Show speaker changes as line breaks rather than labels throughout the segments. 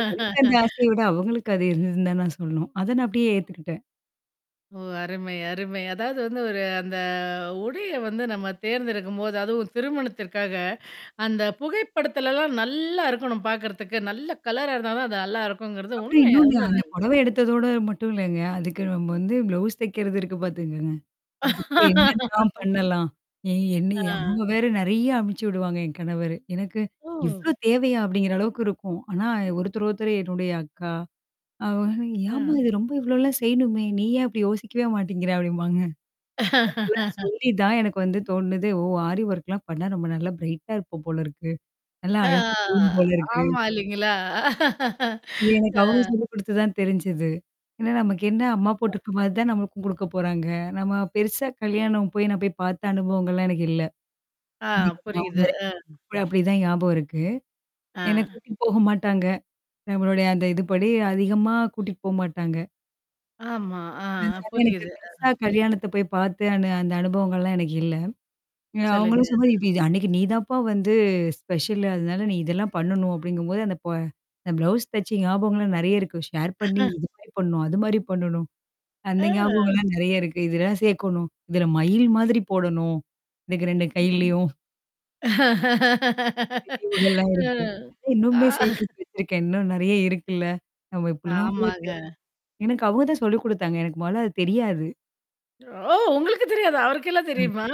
இல்ல எனக்கு அந்த ஆசைய விட அவங்களுக்கு அது இருந்ததுன்னு தான் நான் சொல்லணும். அத நான் அப்படியே ஏத்துக்கிட்டேன்.
ஓ! அருமை, அருமை. அதாவது வந்து ஒரு அந்த உடைய வந்து நம்ம தேர்ந்தெடுக்கும்போது, அதுவும் திருமணத்திற்காக அந்த புகைப்படுத்தலல்லாம் நல்லா இருக்கணும் பாக்கறதுக்கு. நல்லா கலரா இருந்தா தான் அது நல்லா இருக்குங்கிறது
அப்புறம்
உண்மை. அது
இன்னொண்ணு, நான் அந்த
உண்மதாங்க.
புடவ எடுத்ததோட மட்டும் இல்லங்க. அதுக்கு நம்ம வந்து ப்ளவுஸ் தக்கிறது இருக்கு பாத்துங்கங்க. அதுக்கு என்னென்னாம் பண்ணலாம்? ஏ என்ன
ஆ.
அவங்க வேற நெறைய அனுபிச்சு விடுவாங்க என் கணவரு. எனக்கு,
ஓ!
இவ்ளோ தேவையா? அப்படிங்கிற அளவுக்கு இருக்கும். ஆனா ஒருத்தரு ஒருத்தரு என்னுடைய அக்கா அவங்க ஏமா
ஆ.
இது ரொம்ப இவ்வளோலாம் செய்யணுமே! நீ ஏன் அப்டி யோசிக்கவே மாட்டேங்கிற? அப்டிம்பாங்க. அவங்களா சொல்லி தான் எனக்கு வந்து தோண்ணது. ஓ! ஆரி ஒர்க்லாம் பண்ணுனா நம்ப நல்லா பிரைட்டா இருப்போம் போல இருக்கு. நல்லா
ஆ
அழகா தெரியும் போல இருக்கு.
ஆமா இல்லைங்களா?
அது எனக்கு அவங்க
அ.
சொல்லி குடுத்து தான் தெரிஞ்சது. ஏன்னா நமக்கு என்ன அம்மா போட்டுருக்க மாரி தான் நம்மளுக்கும் குடுக்க போறாங்க. நம்ம பெருசா கல்யாணம் போய் நான் போய் பாத்த அனுபவங்கள்லாம் எனக்கு இல்ல.
ஆ,
[unintelligible]
புரியுது.
வாங்குறேன்.
அ.
அப்படிதான் ஞாபகம் இருக்கு. என்ன
அ.
கூட்டிட்டு போக மாட்டாங்க. நம்மளுடைய அந்த இதுபடி அதிகமா கூட்டிட்டு போமாட்டாங்க.
ஆமா. ஆ, அ
அது எனக்கு
புரியுது.
பெருசா
அ.
கல்யாணத்த போய் பாத்து அனு அந்த அனுபவங்கள்லாம் எனக்கு இல்ல. அ
சொல்லுங்க.
அவங்களும் சொல்லு இது, அது அன்னைக்கு நீதான்ப்பா வந்து ஸ்பெஷல். அதனால நீ இதெல்லாம் பண்ணணும் அப்ப்டிங்கும்போது அந்த ப அந்த ப்ளவுஸ் தச்ச ஞாபகங்கள்லாம் நெறைய இருக்கு. ஷேர் பண்ணி இது மாரி பண்ணணும். அது மாரி பண்ணணும். அந்த
அ.
ஞாபகங்கள்லாம் நெறைய இருக்கு. இதெல்லாம் சேக்கணும். இதுல மயில் மாதிரி போடணும். எனக்கு 2 கைலையும் [unintelligible] இவுங்கல்லாம்
அ.
இருக்கு. இ இன்னுமே
ஆ.
சேகரிச்சு வச்சிருக்கேன். இன்னும் நெறைய இருக்குல்ல. நம்ம இப்படிலாம் கூட
ஆமாங்க.
எனக்கு அவங்க தான் சொல்லிக் குடுத்தாங்க. எனக்கு மொதல அது தெரியாது.
ஓ! உங்களுக்கு தெரியாதா? அவருக்கெல்லாம்
ம்.
தெரியுமா?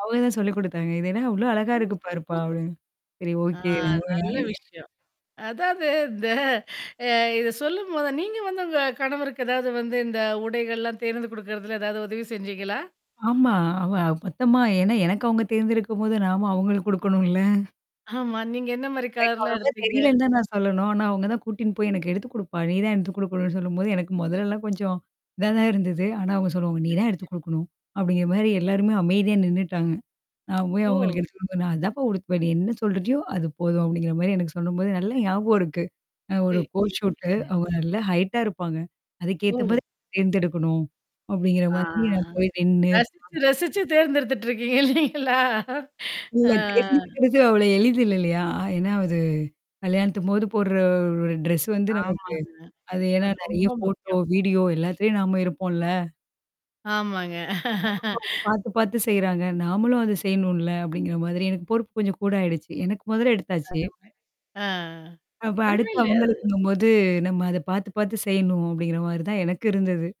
அவங்க தான் சொல்லிக் குடுத்தாங்க. இதன்னா அவ்வளோ அழகா
ஓ!
இருக்கு பாருப்பா
சூப்பர் சூ
அப்டின்னு. சரி
ஆ,
ஓகே
நல்ல
[unintelligible]
விஷயம். அதாவது இந்த அ இத சொல்லும்போத நீங்க வந்து உங்க கணவருக்கு ஏதாவது வந்து இந்த உடைகள்லாம் தேர்ந்து கொடுக்கறதல ஏதாவது உதவி செஞ்சீங்களா?
ஆமா. அவ பத்தமா ஏன்னா எனக்கு அவங்க தேர்ந்திருக்கும்போது நாம அவங்களுக்கு குடுக்கணும் இல்ல.
ஆமா. நீங்க என்ன மாரி
எனக்கு
கலர்லாம்
அவ்வளோ
எடுப்பீங்க?
தெரியலன்னு தான் நான் சொல்லணும். ஆனா அவவுங்க தான் கூட்டின்னு போய், "எனக்கு எடுத்துக் குடுப்பா. நீ தான் எடுத்துக் குடுக்கணும்னு." சொல்லும்போது, எனக்கு மொதல்லல்லாம் கொஞ்சம் இதான் தான் இருந்தது. ஆனா அவங்க சொல்லுவாங்க "நீ தான் எடுத்து
சரிங்க.
குடுக்கணும்." அப்படிங்கிற மாரி எல்லாருமே அமைதியா நின்னுட்டாங்க. நான் போய்
ஓ!
அவங்களுக்கு எடுத்து குடுக்கணும். "நான் அதான்ப்பா உடுத்துவன். நீ என்ன சொல்றயோ? அது போதும்." அப்டிங்கிற மாரி எனக்கு சொல்லும்போது, நல்ல ஞாபகம் இருக்கு. அ
எ
ஒரு
இ
கோர்ட் ஷூட்டு
ம்.
அவங்க நல்லா ஹைட்டா இருப்பாங்க. அதுக்கேத்த
ஓ!
மாரி தேர்ந்தெடுக்கணும். அப்படிங்கிற
ஆ.
மாரி நான் போய் நின்னு,
ரசிச்சு,
பாத்து
ரசிச்சு தேர்ந்தெடுத்துட்டுருக்கீங்க இல்லலைங்களா?
இல்ல
ஆ.
தேர்ந்து எடுக்கறது அவ்ள எளிது இல்ல இல்லையா? என்ன அது? கல்யாணித்தபோது போடுற ஒரு ட்ரெஸ் வந்து நமக்கு
ஆமாங்க.
அது ஏன்னா
அது ரொம்ப
நெறைய ஃபோட்டோ,
முக்கியம்.
வீடியோ எல்லாத்துலயும் நாம இருப்போம் இல்ல.
ஆமாங்க.
[unintelligible] பாத்து பாத்து செய்றாங்க. நாமளும் அத செய்யணும்ல, அப்படிங்கிற மாரி எனக்கு பொறுப்பு கொஞ்சம் கூட ஆயிடுச்சு. எனக்கு முதல்ல எடுத்தாச்சு.
அதுவுமே ஆ
அப்ப
ஓண்ணு
அடுத்து
இல்லே
அவங்களுக்குங்கும்போது நம்ம அத பார்த்து பார்த்து செய்யணும். அப்டிங்கிற மாரி தான் எனக்கு இருந்தது.